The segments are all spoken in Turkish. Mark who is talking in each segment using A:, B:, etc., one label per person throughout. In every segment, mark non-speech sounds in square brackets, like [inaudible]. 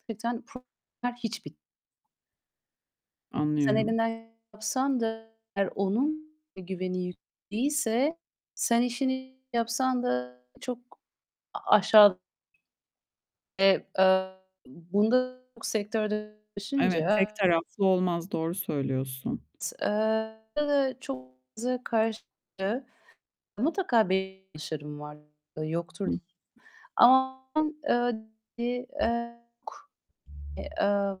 A: Hakikaten problemler Hiç bit Sen
B: Anlıyorum.
A: elinden yapsan da eğer onun güveni yük değilse sen işini iyi yapsan da çok a aşağı e, aaa, bunda çok sektörde
B: Evet, tek
A: [unintelligible]
B: taraflı olmaz. Doğru söylüyorsun.
A: Eee, [unintelligible] çok [unintelligible] karşılığı mutlaka bir [unintelligible] var yoktur
B: Hıh.
A: [unintelligible] Ama, eee, bir,
B: e
A: eee, eee, aaa,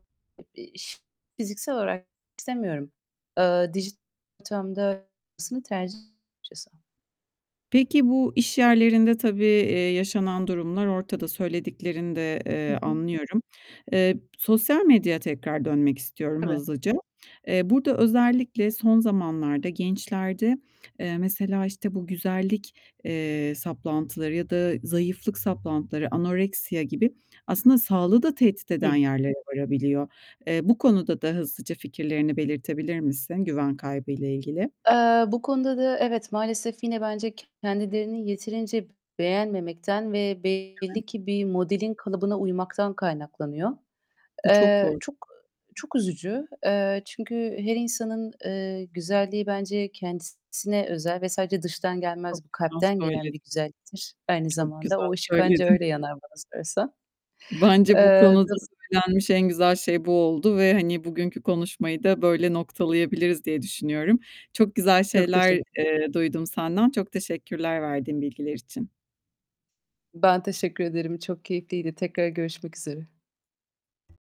A: bir iş fiziksel olarak istemiyorum. Eee, dijital ortamda olmasını tercih [unintelligible] açıkçası.
B: Peki, bu iş yerlerinde tabii, eee, yaşanan durumlar ortada. Söylediklerini de,
A: Hı
B: eee,
A: hı.
B: anlıyorum. Eee, sosyal medyaya tekrar dönmek istiyorum
A: Tabii.
B: hızlıca. Eee, burada özellikle son zamanlarda gençlerde, eee, mesela, işte, bu güzellik, eee, saplantıları ya da zayıflık saplantıları, anoreksiya gibi aslında sağlığı da tehdit eden
A: Hı.
B: yerlere varabiliyor. Eee, bu konuda da hızlıca fikirlerini belirtebilir misin güven kaybıyla ilgili?
A: Eee, bu konuda da evet, maalesef yine bence kendilerini yeterince beğenmemekten ve belli
B: Evet.
A: ki bir modelin kalıbına uymaktan kaynaklanıyor.
B: Bu çok
A: Eee,
B: kor
A: çok eee, çok üzücü. Eee, çünkü her insanın, eee, güzelliği bence kendisine özel ve sadece dıştan
B: Çok
A: gelmez, bu
B: güzel
A: kalpten gelen
B: söyledin.
A: bir güzelliktir aynı
B: Çok
A: zamanda.
B: güzel
A: O ışık ancak
B: söyledin.
A: öyle yanar bana sorarsan.
B: Bence bu
A: Eee,
B: konuda
A: do
B: söylenmiş en güzel şey bu oldu ve, hani, bugünkü konuşmayı da böyle noktalayabiliriz diye düşünüyorum. Çok güzel
A: Çok
B: şeyler,
A: teşekkür
B: eee duydum senden. Çok teşekkürler verdiğin bilgiler için.
A: Ben teşekkür ederim. Çok keyifliydi. Tekrar görüşmek üzere.